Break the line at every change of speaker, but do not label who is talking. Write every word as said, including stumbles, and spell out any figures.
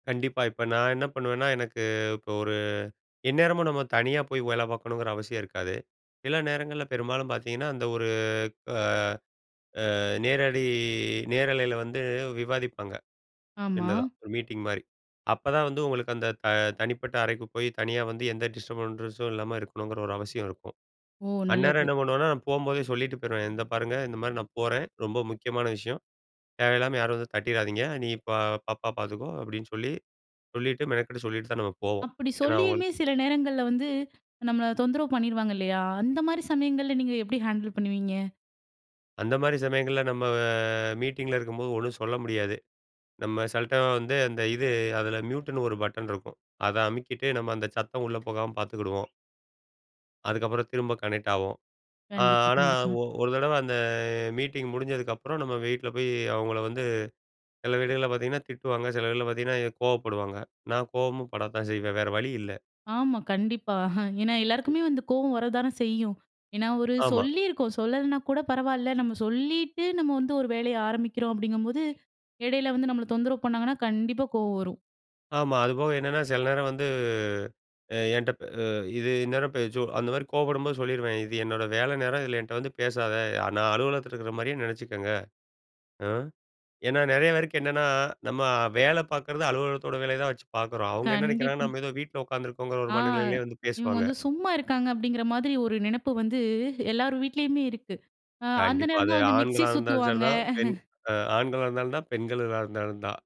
கண்டிப்பா. இப்ப நான் என்ன பண்ணுவேன்னா, எனக்கு இப்போ ஒரு எந்நேரமும் நம்ம தனியா போய் வேல பார்க்கணுங்குற அவசியம் இருக்காது. சில நேரங்கள்ல. பெரும்பாலும் பார்த்தீங்கன்னா, அந்த ஒரு ஆ ஆ நேரடி நேரலையில வந்து விவாதிப்பாங்க.
ஆமா.
சின்னதா ஒரு மீட்டிங் மாரி. அப்பதான் வந்து உங்களுக்கு அந்த த தனிப்பட்ட அறைக்கு போய், தனியா வந்து எந்த டிஸ்டர்பன்ஸ்ஸும் இல்லாம இருக்கணுங்கிற ஒரு அவசியம் இருக்கும்.
ஓ,
அந்நேரம்
நல்லது.
என்ன பண்ணுவேனா, நான் போம்போதே சொல்லிட்டு போயிருவேன். "இந்த பாருங்க. இந்த மாரி நான் போறேன். ரொம்ப முக்கியமான விஷயம். தேவையில்லாம யாரும் வந்து தட்டிராதீங்க. நீ இப்ப பாப்பா பார்த்துக்கோ. அப்டின்னு சொல்லி சொல்லிட்டு மெனக்கட்டு சொல்லிட்டு தான் நம்ம போவோம்.
அப்டி
ஏன்னா, அவங்களுக்கு
சொல்லியுமே சில நேரங்கள்ல வந்து, நம்மள தொந்தரவு பண்ணிருவாங்க. இல்லையா. அந்த மாரி சமயங்கள்ல, நீங்க எப்டி ஹேண்டில் பண்ணுவீங்க?
அந்த மாரி சமயங்கள்ல, நம்ம மீட்டிங்கில இருக்கும்போது ஒண்ணும் சொல்ல முடியாது. நம்ம சிலடைமு வந்து, அந்த இது அதில மியூட்ன்னு ஒரு பட்டன் இருக்கும். அத அமுக்கிட்டு, நம்ம அந்த சத்தம் உள்ளே போகாம பார்த்துக்கிடுவோம். அதுக்கப்புறம் திரும்ப கனெக்ட் ஆவோம். ஆ
கண்டிப்பா,
ஆனா,
கண்டிப்பா.
ஒ ஒரு தடவ அந்த மீட்டிங் முடிஞ்சதுக்கப்புறம், நம்ம வீட்ல போய் அவங்கள வந்து சில வீடுகள்ல பார்த்தீங்கன்னா திட்டுவாங்க. சில வீல பார்த்தீங்கன்னா கோவப்படுவாங்க. நான் கோவமும் படத்தான் செய்வேன். வேற வழி இல்ல.
ஆமா. கண்டிப்பா. ஏன்னா, எல்லாருக்குமே வந்து கோவம் வரத்தான செய்யும். ஏன்னா, ஒரு
ஆமா.
சொல்லிருக்கோம். சொல்லலன்னா கூட பரவாயில்ல. நம்ம சொல்லிட்டு, நம்ம வந்து ஒரு வேலைய ஆரம்பிக்கிறோம். அப்பிடீங்கம்போது, இடையில வந்து நம்மள தொந்தரவு பண்ணாங்கன்னா, கண்டிப்பா கோவம் வரும்.
ஆமா. அதுபோக என்னன்னா, சில நேரம் வந்து அ என்ட்டப் அ இது இந்நேரம் பே சோ அந்த மாரி கோவப்படும்போது சொல்லிருவேன். இது என்னோட வேலை நேரம். இதில என்ட்ட வந்து பேசாத. நான் அலுவலகத்தில இருக்கிற மாரியே நெனைச்சிக்கங்க. ஆ ஏன்னா, நெறைய பேருக்கு என்னன்னா, நம்ம வேல பார்க்குறது அலுவலகத்தோட வேலையை தான் வச்சு பார்க்குறோம். அவங்க என்ன
கண்டிப்
நெனைக்கிறாங்கன்னா,
ம்.
நம்ம ஏதோ வீட்ல உட்காந்துருக்கோங்குற ஒரு
ஆ.
மனநிலையிலயே வந்து
இவுங்க
பேசுவாங்க.
வந்து சும்மா இருக்காங்க. அப்டீங்கிற மாதிரி ஒரு நெனைப்பு வந்து எல்லார் வீட்லயுமே இருக்கு. அ அந்த
கண்டிப்பா.
நேரம்
அது
தான் வந்து மிக்சி
ஆண்களா இருந்தாலும் சரி
சுத்துவாங்க.
தான். பெண் ஆண்களா இருந்தாலும் தான். பெண்களா இருந்தாலும் தான்.